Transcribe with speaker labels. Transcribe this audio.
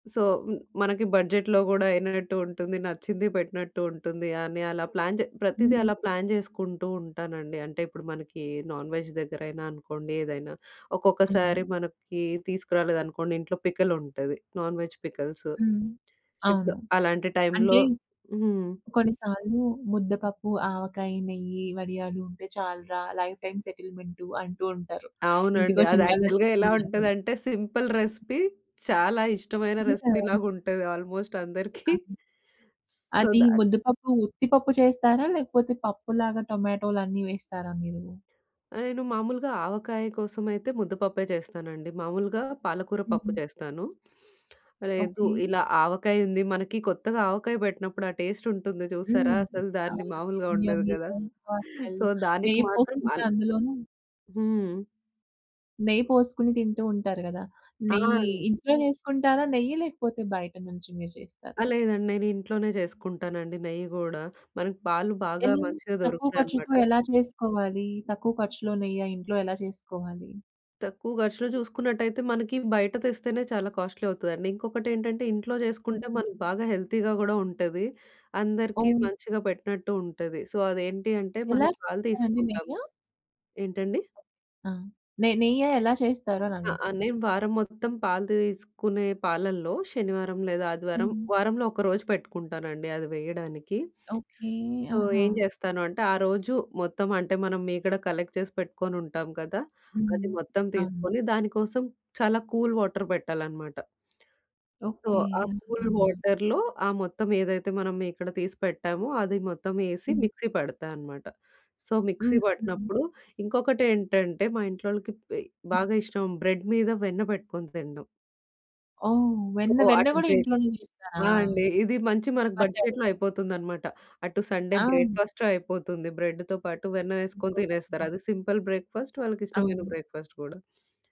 Speaker 1: So, హ్మ్. మనకి బడ్జెట్‌లో కూడా అయినట్టు ఉంటుంది. నచ్చింది పెట్టినట్టు ఉంటుంది. అని అలా ప్లాన్ చే ప్రతీదీ
Speaker 2: హ్మ్.
Speaker 1: అలా ప్లాన్ చేసుకుంటూ ఉంటానండి. అంటే ఇప్పుడు మనకి నాన్ వెజ్ దగ్గరైనా అనుకోండి, ఏదైనా ఒక్కొక్కసారి
Speaker 2: హ్మ్.
Speaker 1: మనకి తీసుకురాలేదనుకోండి ఇంట్లో పికల్ ఉంటది. Non veg pickles.
Speaker 2: హ్మ్.
Speaker 1: ఇప్పుడు
Speaker 2: అవును.
Speaker 1: అలాంటి టైంలో
Speaker 2: అంటే
Speaker 1: హ్మ్.
Speaker 2: కొన్ని సార్లు ముద్దపప్పు, ఆవకాయి, నెయ్యి, వడియాలు ఉంటే చాలురా లైఫ్ టైమ్ సెటిల్మెంటు అంటూ ఉంటారు.
Speaker 1: అవునండి.
Speaker 2: ఇంటికొచ్చిన
Speaker 1: అది యాక్చువల్‌గా
Speaker 2: వాళ్ళందరు
Speaker 1: ఎలా
Speaker 2: తిన్నాకూడా.
Speaker 1: ఉంటదంటే, సింపుల్ రెసిపీ. చాలా ఇష్టమైన
Speaker 2: హ్మ్.
Speaker 1: రెసిపీ
Speaker 2: ఆ!
Speaker 1: లాగా ఉంటది ఆల్మోస్ట్ అందరికి.
Speaker 2: అది
Speaker 1: సో,
Speaker 2: అది
Speaker 1: దాన్ని
Speaker 2: ముద్దపప్పు ఉత్తి పప్పు చేస్తారా? లేకపోతే, పప్పు లాగా టొమాటోలన్నీ వేస్తారా మీరు?
Speaker 1: నేను మామూలుగా ఆవకాయ కోసం అయితే ముద్దపప్పే చేస్తానండి. మామూలుగా పాలకూర పప్పు
Speaker 2: హ్మ్.
Speaker 1: చేస్తాను. లేదు
Speaker 2: ఓకే.
Speaker 1: ఇలా ఆవకాయి ఉంది. మనకి కొత్తగా ఆవకాయ పెట్టినప్పుడు ఆ టేస్ట్ ఉంటుంది చూశారా!
Speaker 2: హ్మ్.
Speaker 1: అసలు దాన్ని
Speaker 2: అవును.
Speaker 1: మామూలుగా
Speaker 2: యమ్మీ,
Speaker 1: ఉండదు గదా!
Speaker 2: యమ్మీ‌గా ఆ స్మెల్లు
Speaker 1: సో, దానికి
Speaker 2: నెయ్యి
Speaker 1: మాత్రం
Speaker 2: పోసుకుంటే
Speaker 1: అల
Speaker 2: అందులోను...
Speaker 1: హ్మ్.
Speaker 2: నెయ్యి పోసుకుని తింటూ ఉంటారు గదా! నెయ్యి,
Speaker 1: ఆన్
Speaker 2: ఇంట్లో చేసుకుంటారా నెయ్యి? లేకపోతే, బయట నుంచి మీరు
Speaker 1: ఆ!
Speaker 2: చేస్తారా?
Speaker 1: లేదండి. నేను ఇంట్లోనే చేసుకుంటానండి నెయ్య కూడా. మనకు పాలు బాగా
Speaker 2: ఎలా?
Speaker 1: మంచిగా
Speaker 2: తక్కువ ఖర్చుతో
Speaker 1: దొరుకుతాయనమాట.
Speaker 2: ఎలా చేసుకోవాలి? తక్కువ ఖర్చులో నెయ్య ఇంట్లో ఎలా చేసుకోవాలి?
Speaker 1: తక్కువ ఖర్చులో చూసుకున్నట్టయితే మనకి బయట తెస్తేనే చాలా కాస్ట్‌లీ అవుతదండి. ఇంకొకటేంటంటే ఇంట్లో చేసుకుంటే,
Speaker 2: హ్మ్.
Speaker 1: మనకి బాగా హెల్తీగా కూడా ఉంటది. అందరికీ
Speaker 2: అవును.
Speaker 1: మంచిగా పెట్టినట్టు ఉంటది. సో, అదేంటి అంటే
Speaker 2: ఎలా
Speaker 1: మనం పాలు
Speaker 2: చేస్తారండి నెయ్య?
Speaker 1: తీసుకుంటాము ఏంటండి?
Speaker 2: ఆ! నె నెయ్య ఎలా చేస్తారు
Speaker 1: ఆ! ఆ!
Speaker 2: అనడుగుతున్న.
Speaker 1: నేను వారం మొత్తం పాలతో తీసుకునే పాలల్లో శనివారం లేదా ఆదివారం,
Speaker 2: హ్మ్.
Speaker 1: వారంలో ఒకరోజు పెట్టుకుంటానండి అది వేయడానికి.
Speaker 2: ఓకే.
Speaker 1: సో,
Speaker 2: ఆహా!
Speaker 1: ఏం జేస్తాను అంటే, ఆ రోజు మొత్తం అంటే మనం మీగడ కలెక్ట్ చేసి పెట్టుకొని ఉంటాం గదా!
Speaker 2: హ్మ్.
Speaker 1: అది మొత్తం
Speaker 2: అవును.
Speaker 1: తీసుకొని, దానికోసం చాలా కూల్ వాటర్ పెట్టాలనమాట. So,
Speaker 2: okay.
Speaker 1: ఆ కూల్
Speaker 2: అలాగనా.
Speaker 1: వాటర్‌లో ఆ మొత్తం ఏదైతే మనం మీగడ తీసి పెట్టామో, అది మొత్తం వేసి
Speaker 2: హ్మ్.
Speaker 1: మిక్సీ పడతాన్నమాట. సో, మిక్సీ
Speaker 2: హుహుహు.
Speaker 1: పట్టినప్పుడు ఇంకొకటేంటంటే మా ఇంట్లోళ్ళకి బెయ్
Speaker 2: హ్మ్.
Speaker 1: బాగా ఇష్టం బ్రెడ్ మీద వెన్న పెట్టుకొని తినడం.
Speaker 2: ఓహ్! వెన్న.
Speaker 1: ఓహ్!
Speaker 2: వెన్న
Speaker 1: అటు
Speaker 2: కూడా
Speaker 1: బ్రేక్
Speaker 2: ఇంట్లోనే చేస్తారా?
Speaker 1: ఆ! అండి. ఇది మంచి మనకు
Speaker 2: పట్టారు.
Speaker 1: బడ్జెట్‌లో అయిపోతుందన్నమాట. అటు సండే
Speaker 2: ఆ! హ్మ్.
Speaker 1: బ్రేక్‌ఫాస్టు అయిపోతుంది. బ్రెడ్‌తో పాటు వెన్న
Speaker 2: వెన్న
Speaker 1: ఏసుకొని తినేస్తారు.
Speaker 2: పూసండి.
Speaker 1: అది సింపుల్ బ్రేక్‌ఫాస్ట్ వాళ్ళకిష్టమైన
Speaker 2: అవును.
Speaker 1: బ్రేక్‌ఫాస్ట్ కూడా.